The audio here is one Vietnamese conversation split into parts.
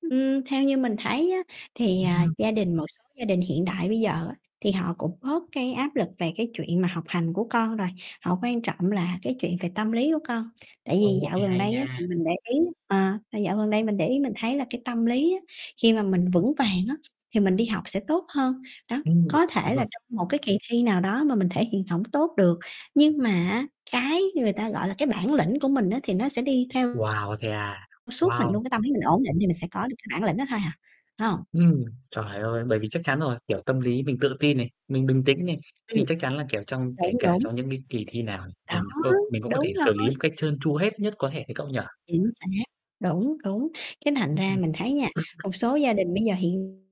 Ưm, theo như mình thấy á thì, à, Ừm. gia đình một số gia đình hiện đại bây giờ á thì họ cũng bớt cái áp lực về cái chuyện mà học hành của con rồi, họ quan trọng là cái chuyện về tâm lý của con. Tại vì Ô, dạo nghe gần hay đây á, nha. thì mình để ý ờ, là dạo gần đây mình để ý mình thấy là cái tâm lý á khi mà mình vững vàng á thì mình đi học sẽ tốt hơn. Đó, Ừm có thể là [unintelligible] trong một cái kỳ thi nào đó mà mình thể hiện hổng tốt được, nhưng mà á cái người ta gọi là cái bản lĩnh của mình á thì nó sẽ đi theo Wow, thế à, suốt mình wow. luôn, cái tâm lý mình ổn định thì mình sẽ có được cái bản lĩnh đó thôi à, phải hông? Ừm, trời ơi, bởi vì chắc chắn rồi, kiểu, tâm lý mình tự tin này, mình bình tĩnh này, thì Ừm. chắc chắn là, kiểu, trong kể Đúng, cả đúng. trong những cái kỳ thi nào Đó, mình c có mình cũng có thể đúng xử lý rồi. một cách trơn tru hết nhất có thể ấy cậu nhỉ? Chính xác. Đúng, đúng. Cái thành Ưm, ra ừm. mình thấy nha, một số gia đình bây giờ hiện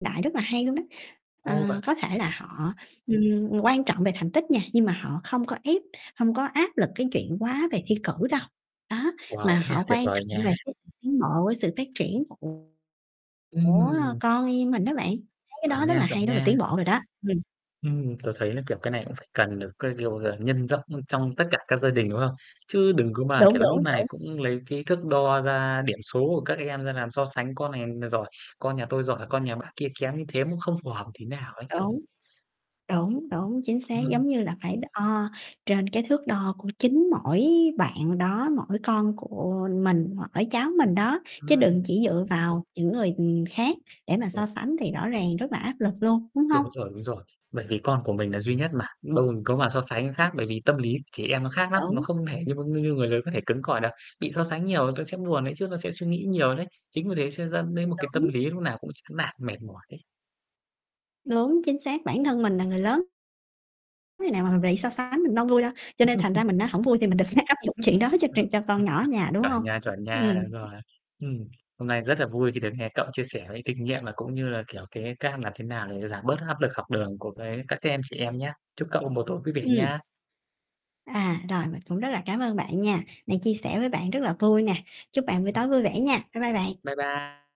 đại rất là hay luôn đó. Ờ, Ồ, vậy có thể là họ, ừm, quan trọng về thành tích nha, nhưng mà họ không có ép, hông có áp lực cái chuyện quá về thi cử đâu. Đó, Wow, mà thế à, họ tuyệt quan vời trọng nha. về cái sự tiến bộ với sự phát triển [unintelligible] của, ơ, Ừm. con em mình đó bạn. Thấy cái đó Chuẩn rất nha, là chuẩn hay, rất là nha. tiến bộ rồi đó. Ừm. Ừm, tớ thấy là, kiểu, cái này cũng phải cần được, cái kiểu là, nhân rộng, ơ, trong tất cả các gia đình, đúng không? Chứ đừng có mà, Đúng, kiểu, nút đúng, này đúng. cũng lấy cái thước đo ra điểm số của các em ra làm so sánh, con này n giỏi, con nhà tôi giỏi, con nhà bác kia kém như thế, nó không phù hợp tí nào ấy cậu [unintelligible] Đúng. Đúng, đúng, chính xác, Ừm. giống như là phải đ ờ, trên cái thước đo của chính mỗi bạn đó, mỗi con của mình, mỗi cháu mình đó, chứ đừng Ừm. chỉ dựa vào những người, ừm, khác để mà so [unintelligible] sánh thì rõ ràng rất là áp lực luôn, đúng hông? Đúng rồi, đúng rồi. Bởi vì con của mình là duy nhất mà, đâu có mà so sánh Ừm. khác, bởi vì tâm lý trẻ em nó khác lắm, nó Đúng. không thể như [unintelligible] như người lớn có thể cứng cỏi được, bị so sánh nhiều tôi sẽ buồn đấy chứ, tôi sẽ suy nghĩ nhiều đấy. Chính vì thế sẽ dẫn đến một cái tâm Đúng. lý lúc nào cũng chán nản, mệt mỏi ấy. Đúng, chính xác bản thân mình là người lớn [unintelligible] Khi nào mà mình bị so sánh mình đâu vui đâu, cho nên thành ra mình á, hổng vui thì mình đừng áp dụng chuyện đó cho chuyện cho con nhỏ ở nhà, đúng Chuẩn hông? nha, chuẩn nha, Ừm. đúng rồi. Ừm. Hôm nay rất là vui khi được nghe cậu chia sẻ cái kinh nghiệm và cũng như là, kiểu, cái cam làm thế nào để giảm bớt cái áp lực học đường của cái các cái em trẻ em nhá. Chúc cậu một tối vui vẻ Ừm. nha. À, rồi, mình cũng rất là cám ơn bạn nha. Này chia sẻ với bạn rất là vui nè. Chúc bạn buổi Ừm. tối vui vẻ nha, bye bye bạn! Bye bye!